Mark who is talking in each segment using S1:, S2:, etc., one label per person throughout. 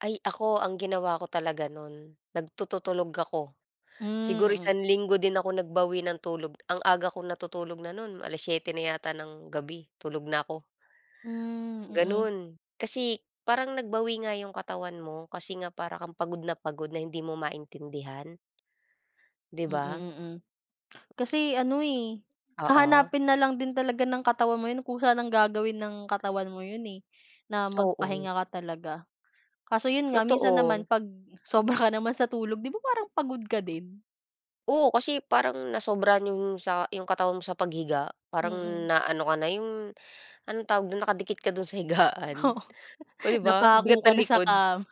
S1: Ay, ako ang ginawa ko talaga nun nagtututulog ako.
S2: Hmm,
S1: Siguro
S2: mm.
S1: isang linggo din ako nagbawi ng tulog, ang aga kong natutulog na nun 7:00 na yata ng gabi tulog na ako.
S2: Hmm, mm.
S1: Ganun. Kasi, parang nag-bawi nga yung katawan mo kasi nga para kang pagod na pagod na hindi mo maintindihan. Di
S2: Mm,
S1: ba?
S2: mm. Kasi ano, eh,
S1: Oo.
S2: hahanapin na lang din talaga ng katawan mo yun. Kusa nang gagawin ng katawan mo yun, eh, na
S1: Oo.
S2: mag-pahinga ka talaga. Kaso yun nga, minsan naman
S1: Totoo.
S2: pag-sobra ka naman sa tulog, 'di ba, parang pagod ka din?
S1: Oo, kasi parang nasobrahan yung sa yung katawan mo sa paghiga parang
S2: Mm.
S1: na-ano ka na yung anong tawag dun nakadikit ka dun sa higaan.
S2: Oo.
S1: Oh, di ba, ang
S2: Napako
S1: bigat
S2: ka
S1: ng
S2: na sa
S1: likod.
S2: kama.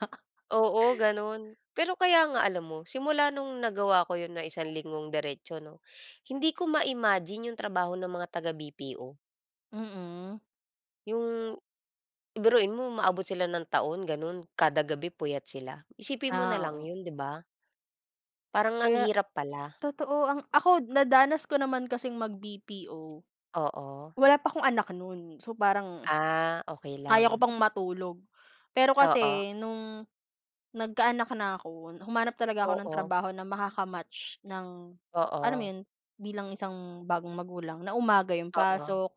S1: Oo, ganon. Pero kaya nga alam mo simula nung nagawa ko yun ng isang linggong diretso, no? Hindi ko ma-imagine yung trabaho ng mga taga BPO
S2: Mm.
S1: Yung biruin mo umaabot sila ng taon ganun kada gabi puyat sila, isipin mo na
S2: Ah,
S1: lang
S2: oo.
S1: yun, di ba? Parang ang
S2: Kaya
S1: hirap pala.
S2: totoo ang ako nadanas ko naman kasing mag BPO.
S1: Oo.
S2: Wala pa akong anak nun. So, parang
S1: Ah, okey
S2: kaya ko
S1: lang.
S2: pang matulog. Pero
S1: Oo.
S2: kasi nung, nagka-anak na ako humanap talaga ako ng
S1: Oo.
S2: trabaho na makaka-match ng alam mo
S1: Oo.
S2: yun? Bilang isang bagong magulang na umaga 'yong
S1: Oo.
S2: pasok,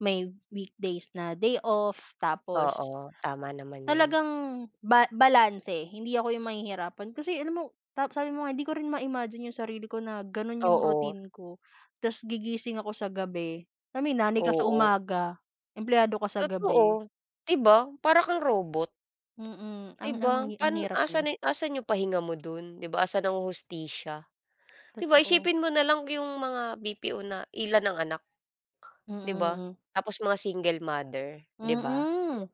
S2: may weekdays na day off, tapos
S1: Oo, tama naman yun.
S2: talagang ba balanse hindi ako 'yong mahihirapan. Kasi alam mo, tap sabi mo nga hindi ko rin ma-imagine yung sarili ko na ganun yung
S1: Oo.
S2: routine ko. Tas gigising ako sa gabi, ay may nanay ka sa
S1: Oo.
S2: umaga, empleyado ka sa gabi.
S1: Totoo. Di ba? Para kang robot.
S2: Mm,
S1: Di
S2: ang, ang
S1: ba?
S2: hi ang
S1: Pan
S2: hirap niya.
S1: asan ni asan yung pahinga mo dun, di ba? Asan ang hustisya, di ba?
S2: Totoo.
S1: Isipin mo na lang yung mga BPO na ilan ang anak,
S2: Mm,
S1: di ba?
S2: mm.
S1: Tapos mga single mother, di ba?
S2: Mm.